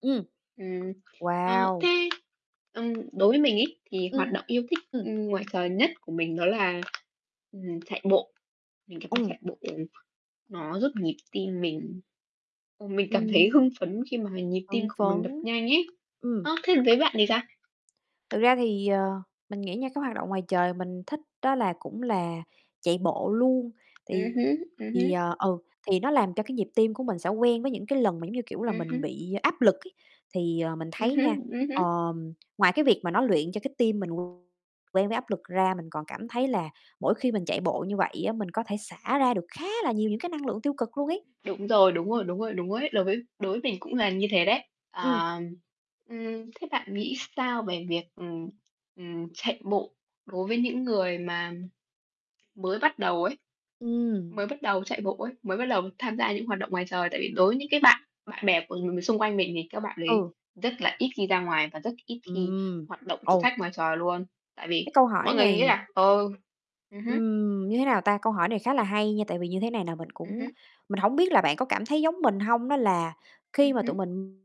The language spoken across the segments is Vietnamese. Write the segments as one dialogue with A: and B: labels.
A: Ừm.
B: Ừm, ờ,
A: Wow!
B: thế, ừm, đối với mình ấy, thì hoạt động yêu thích,
A: Ừm.
B: ừm, ngoài trời nhất của mình đó là, ừm, chạy bộ, mình cảm giác
A: Ừm.
B: chạy bộ nó giúp nhịp tim mình ờ, mình cảm thấy
A: Ừm.
B: hưng phấn khi mà h nhịp tim
A: Hưng
B: của mình đập
A: phấn,
B: nhanh ấy.
A: ừm.
B: Ơ, thế còn với bạn thì sao?
A: Thực ra thì, ờ, mình nghĩ nha, cái hoạt động ngoài trời mình thích đó là cũng là chạy bộ luôn,
B: Ừm
A: thì,
B: hứm, ừm hứm.
A: ờ ừ, thì nó làm cho cái nhịp tim của mình sẽ quen với những cái lần mà, giống như kiểu là,
B: Ừm
A: mình
B: hứm.
A: bị áp lực ấy. Thì, ờ, mình
B: Ừm
A: thấy
B: hứm,
A: nha,
B: ừm hứm.
A: ờm, ngoài cái việc mà nó luyện cho cái tim mình quen với áp lực ra, mình còn cảm thấy là mỗi khi mình chạy bộ như vậy á, mình có thể xả ra được khá là nhiều những cái năng lượng tiêu cực luôn ấy.
B: Đúng rồi, đúng rồi, đúng rồi, đúng rồi ấy, đối với đối với mình cũng là như thế đấy.
A: Ừm.
B: Ờ, ừm, thế bạn nghĩ sao về việc, ừm, ừm, chạy bộ đối với những người mà mới bắt đầu ấy, mới
A: Ừm.
B: bắt đầu chạy bộ ấy, mới bắt đầu tham gia những hoạt động ngoài trời? Tại vì đối với những cái bạn bạn bè của nhiều người xung quanh mình thì các bạn đấy
A: Ừ.
B: rất là ít khi ra ngoài và rất ít khi
A: Ừm,
B: hoạt động thử
A: ừ.
B: thách ngoài trời luôn, tại vì
A: Cái câu
B: mọi
A: hỏi
B: người nghĩ
A: này
B: là, ờ ừm hứm.
A: Ừm, như thế nào ta, câu hỏi này khá là hay nha, tại vì như thế này nè, mình
B: Ừm
A: cũng
B: hứm.
A: mình hổng biết là bạn có cảm thấy giống mình hông? Đó là khi
B: Ừm
A: mà
B: hứm.
A: tụi mình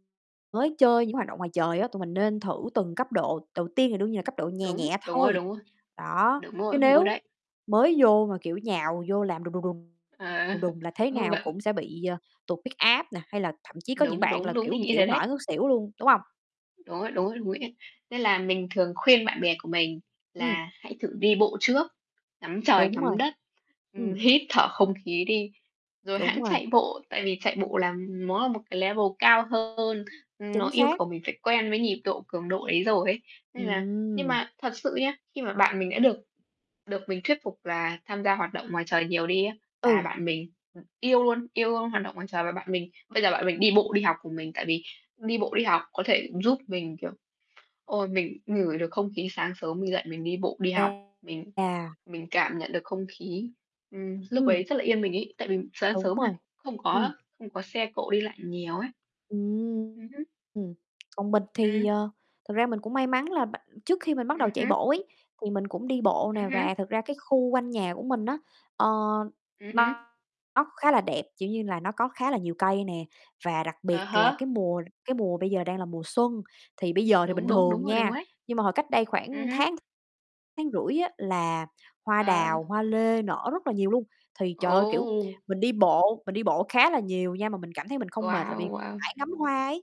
A: mới chơi những hoạt động ngoài trời á, tụi mình nên thử từng cấp độ, đầu tiên thì đương nhiên là cấp độ nhè
B: Đúng,
A: nhẹ
B: đúng rồi,
A: thôi.
B: đúng rồi.
A: Đó,
B: Đúng rồi,
A: chứ
B: đúng rồi
A: nếu
B: đấy.
A: mới vô mà, kiểu, nhào vô làm đùng đùng, đùng
B: À,
A: đùng đùng, là thế
B: ơ,
A: nào
B: vẫn
A: cũng sẽ bị, ờ, tụt huyết áp nè, hay là thậm chí có những
B: Đúng,
A: bạn
B: đúng,
A: là,
B: đúng,
A: kiểu,
B: mình nghĩ
A: chịu
B: thế
A: hổng
B: đấy.
A: nổi ngất xỉu luôn, đúng hông?
B: Đúng rồi, đúng rồi, đúng ấy. Nên là mình thường khuyên bạn bè của mình
A: Ừm.
B: là hãy thử đi bộ trước, ngắm trời
A: Đúng
B: ngắm
A: rồi.
B: đất, ưm,
A: Ừm.
B: hít thở không khí đi rồi
A: Đúng
B: hẵng
A: rồi.
B: chạy bộ. Tại vì chạy bộ là nó là một cái level cao hơn, ừm, nó
A: Chính
B: yêu
A: xác!
B: cầu mình phải quen với nhịp độ, cường độ ấy rồi ấy. Nên là nhưng
A: Ừm.
B: mà thật sự nhá, khi mà bạn mình đã được được mình thuyết phục là tham gia hoạt động ngoài trời nhiều đi á, là
A: Ừ.
B: bạn mình, ừm, yêu luôn, yêu luôn hoạt động ngoài trời và bạn mình bây giờ bạn mình đi bộ đi học cùng mình. Tại vì đi bộ đi học có thể giúp mình, kiểu, ôi, mình ngửi được không khí sáng sớm mình dậy mình đi bộ đi học, mình
A: À.
B: mình cảm nhận được không khí, ừm, lúc
A: Ừm.
B: ấy rất là yên bình ấy, tại vì sáng
A: Đúng
B: sớm mà,
A: rồi,
B: không
A: ừm.
B: có không có xe cộ đi lại nhiều ấy. Ừm hứm.
A: Ừm, còn mình thì,
B: Ừm.
A: ờ, thực ra mình cũng may mắn là b trước khi mình bắt đầu
B: Ừm
A: chạy
B: hứm.
A: bộ ấy, thì mình cũng đi bộ
B: Ừm
A: nè,
B: hứm.
A: và thực ra cái khu quanh nhà của mình á, ờ,
B: Ừm hứm.
A: nó khá là đẹp, kiểu như là, nó có khá là nhiều cây nè. Và đặc
B: À
A: biệt là
B: há.
A: cái mùa cái mùa bây giờ đang là mùa xuân, thì bây giờ thì
B: Đúng,
A: bình
B: đúng, đúng
A: thường
B: rồi, đúng
A: nha,
B: rồi đấy.
A: nhưng mà hồi cách đây
B: Ừm
A: khoảng
B: hứm.
A: tháng, tháng rưỡi á, là hoa
B: À.
A: đào, hoa lê nở rất là nhiều luôn. Thì, trời ơi, kiểu,
B: Ồ!
A: mình đi bộ, mình đi bộ khá là nhiều nha, mà mình cảm thấy mình không mệt là
B: Wow,
A: vì
B: wow!
A: mải ngắm hoa ấy.